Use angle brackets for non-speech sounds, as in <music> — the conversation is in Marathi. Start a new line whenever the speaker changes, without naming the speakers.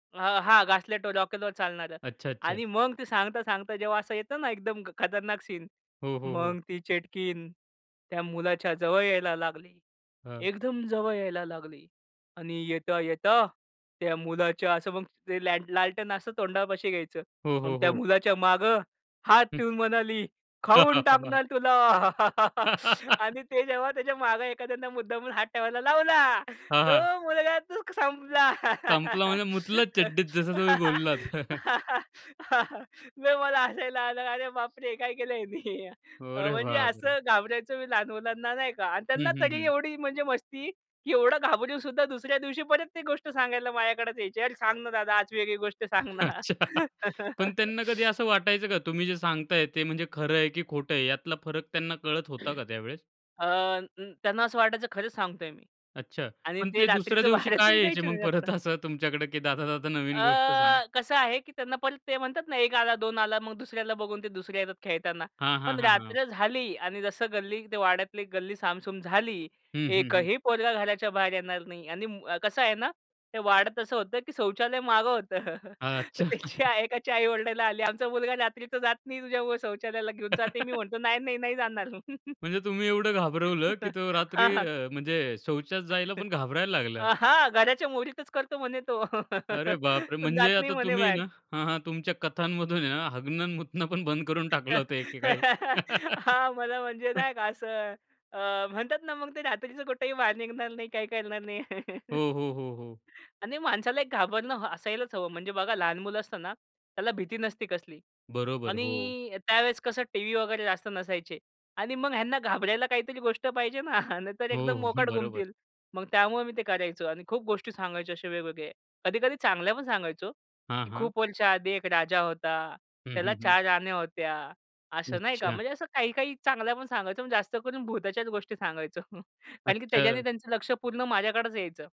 अ, हां. घासलेटवर रॉकेलवर चालणारं
अच्छा, अच्छा.
आणि मग ती सांगता सांगता जेव्हा असं येतं ना, एकदम खतरनाक सीन.
हो, हो.
मग
हो.
ती चेटकीन त्या मुलाच्या जवळ यायला लागली.
हां.
एकदम जवळ यायला लागली आणि येता-येता त्या मुलाच्या असं मग ते ल्याल लालटेन असं तोंडापाशी घ्यायचं.
हो,
मग
हो,
त्या
हो.
मुलाच्या मागे हात
हं.
ठेऊन म्हणाली, खाऊन
<laughs>
टाकणार तुला. <laughs> आणि ते जेव्हा त्याच्या
<laughs>
मागे एखाद्यानं मुद्दामून हात ठेवायला लावला,
हां,
तो
हां.
मुलगा तो संपला.
संपला म्हणजे मुतला चड्डीत जसं तुम्ही बोललात. <chuckles>
<laughs> लय मला हसायला आलं. अरे बापरे! हे काय केलं ह्यानी.
अरे
म्हणजे
बापरे!
असं घाबरवायचो मी लहान मुलांना नाही का. आणि
हं,
त्यांना
हं.
तरी
हं.
एवढी म्हणजे मस्ती की एवढं घाबरून सुद्धा, दुसऱ्या दिवशी परत ती गोष्ट सांगायला माझ्याकडेच यायचे. "अरे सांग ना दादा. आज वेगळी गोष्ट सांग
<laughs>
ना."
अच्छा. पण त्यांना कधी
<laughs>
असं वाटायचं का? तुम्ही जे सांगताय ते म्हणजे खरं आहे की खोटं आहे? यातला फरक त्यांना कळत होता का त्यावेळेस?
अ, त्यांना असं वाटायचं खरंच सांगतोय मी.
अच्छा.
आणि
पण
ते
ते दुसऱ्या
रात्रीचं
दिवशी
बाहेरच
का यायचे
निघायचे
मग
नाही जास्त.
परत असं तुमच्याकडे की दादा, दादा नवीन गोष्ट सांग?
अ, कसं आहे की त्यांना पण ते म्हणतात ना, 1 आला 2 आला मग दुसऱ्याला बघून ते दुसऱ्या येतात खेळताना.
हां, हां.
पण
हां, हां.
रात्र झाली आणि जसं गल्ली ते वाड्यातली गल्ली सामसूम झाली.
हं, हं. हं.
एकही पोरगा घराच्या बाहेर येणार नाही. आणि म कसं आहे ना ते वाड्यात असं होतं की शौचालय मागं होतं. <chuckles> तर
अच्छा.
त्याची
<chuckles>
एकाच्या आई ओरडायला आली, आमचा मुलगा रात्री तर जात नाही तुझ्यामुळ. शौचालयाला घेऊन जाते मी.
<laughs>
म्हणतो नाही, नाही, नाही जाणार. <chuckles>
म्हणजे तुम्ही एवढं घाबरवलं की
<chuckles>
तो
हां,
रात्री
हां.
अ, म्हणजे शौचात जायला
<chuckles>
पण घाबरायला लागला?
अ, हां, घराच्या मोरीतच करतो म्हणे तो.
अरे
<laughs>
बापरे!
पण जात
म्हणजे
नाही
आता
म्हणे
तुम्ही आहे ना
बाहेर.
हां, हां. तुमच्या कथांमधून आहे ना, हगणं आणि मुतणं बंद करून टाकलं होतं एकेकाळी.
<laughs> हां. मला म्हणजे
<laughs>
नाही का असं, अ, म्हणतात ना, मग ते रात्रीचं कुठेही बाहेर निघणार नाही, काही करणार नाही.
हो,
<laughs>
हो. हो, हो.
आणि माणसाला एक घाबरणं असायलाच हवं. म्हणजे बघा लहान मुलं असताना त्याला भीती नसते कसली.
बरोबर. हो.
आणि त्यावेळेस कसं टीव्ही वगैरे जास्त नसायचे. आणि मग ह्यांना घाबरायला काहीतरी गोष्ट पाहिजे ना, <chuckles> नाही तर एकदम
हो, हं.
मोकाट
बरोबर.
गुमतील. मग त्यामुळं मी ते करायचो आणि खूप गोष्टी सांगायचे असे वेगवेगळे, कधी-कधी चांगल्या पण सांगायचो.
हां,
की
हां.
खूप वर्षाआधी एक राजा होता.
हं, हं.
त्याला
हं.
4 राण्या होत्या. असं नाही का,
अच्छा.
म्हणजे असं काही-काही चांगल्या पण सांगायचो. पण जास्त करून भूताच्याच गोष्टी सांगायचो. <chuckles> कारण की त्याच्याने
अच्छा.
त्यांचं लक्ष पूर्ण माझ्याकडेच यायचं.